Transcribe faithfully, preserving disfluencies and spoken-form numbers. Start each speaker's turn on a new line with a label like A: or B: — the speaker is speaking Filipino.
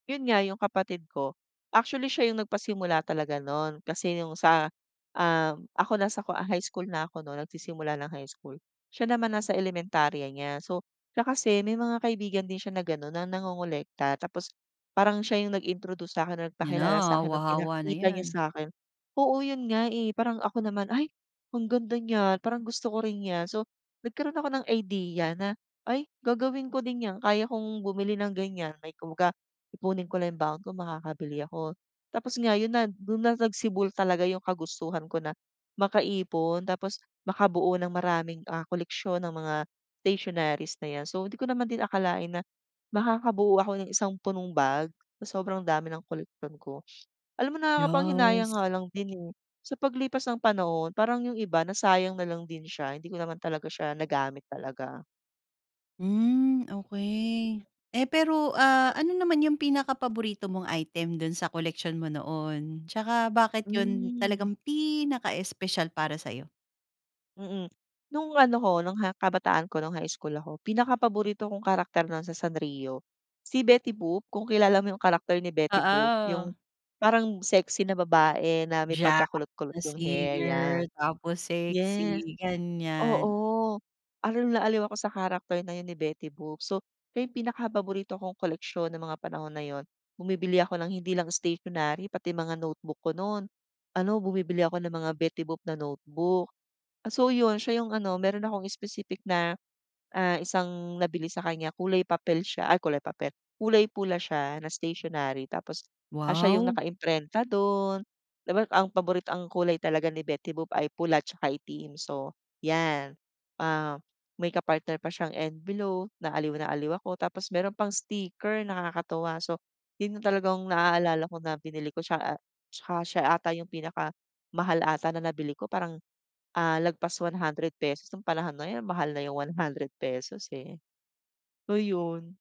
A: Yun nga yung kapatid ko. Actually, siya yung nagpasimula talaga no'n kasi yung sa, um, ako nasa ko high school na ako no'n nagsisimula ng high school, siya naman nasa elementarya niya. So siya kasi may mga kaibigan din siya na gano'n na nangongolekta tapos parang siya yung nag-introduce sa 'kin na
B: Yan
A: nagpakilala sa
B: na,
A: 'kin ng
B: hawa-hawa na
A: pinakita niya
B: yan.
A: sa akin. Oo, yun nga, eh, parang ako naman, "Ay ang ganda niyan parang gusto ko rin niyan." So nagkaroon ako ng idea na, "Ay gagawin ko din yan, kaya ko bumili ng ganyan." Kumbaga ipunin ko lang yung baon ko makakabili ako. Tapos nga yon na do'n na nagsibol talaga yung kagustuhan ko na makaipon tapos makabuo ng maraming, ah, koleksyon ng mga stationeries na yan. So hindi ko naman din akalain na makakabuo ako ng isang punong bag, sa sobrang dami ng koleksyon ko. Alam mo nakakapanghinayang
B: yas.
A: nga lang din, eh, sa paglipas ng panahon parang yung iba nasayang nalang din siya hindi ko naman talaga siya nagamit talaga
B: Hmm. Okey. Eh, pero,
A: Di,
B: ah,
A: ah.
B: ano naman yung pinakapaborito mong item do'n sa koleksyon mo noon tsaka bakit yun
A: Hmm.
B: talagang pinaka-espesyal para sa'yo?
A: Mm. Nung ano ko nung ha kabataan ko nung high school ako pinakapaborito kong karakter na sa Sanrio si Betty Boop kung kilala mo yung karakter ni Betty Boop yung
B: Oo.
A: parang sexy na babae na may
B: Jazz
A: pagkakulot-kulot
B: na
A: yung hair, yan.
B: singer tapos
A: Yes,
B: sexy ganyan.
A: oo, aliw na aliw ako sa character na yun ni Betty Boop, so, siya yung pinakapaborito kong koleksiyon ng mga panahon na yun. Bumibili ako ng hindi lang stationary pati mga notebook ko no'n ano bumibili ako ng mga Betty Boop na notebook. So yun siya yung ano, mayro'n akong specific na, ah, isang nabili sa kanya kulay papel siya ay, kulay papel, kulay pula siya na stationery. Tapos siya yung
B: Wow.
A: nakaimprenta do'n, di ba ang paborit ang kulay talaga ni Betty Boop ay pula tsaka itim so yan, ah, may ka-partner pa siyang envelope na aliw na aliw ako. Tapos mayro'n pang sticker nakakatuwa. So yun talaga ang naalala ko na binili ko siya, ah, tsaka siya ata yung pinakamahal ata na nabili ko parang, ah, lagpas one hundred pesos nung panahon na yun, mahal na yung one hundred pesos eh. So yun.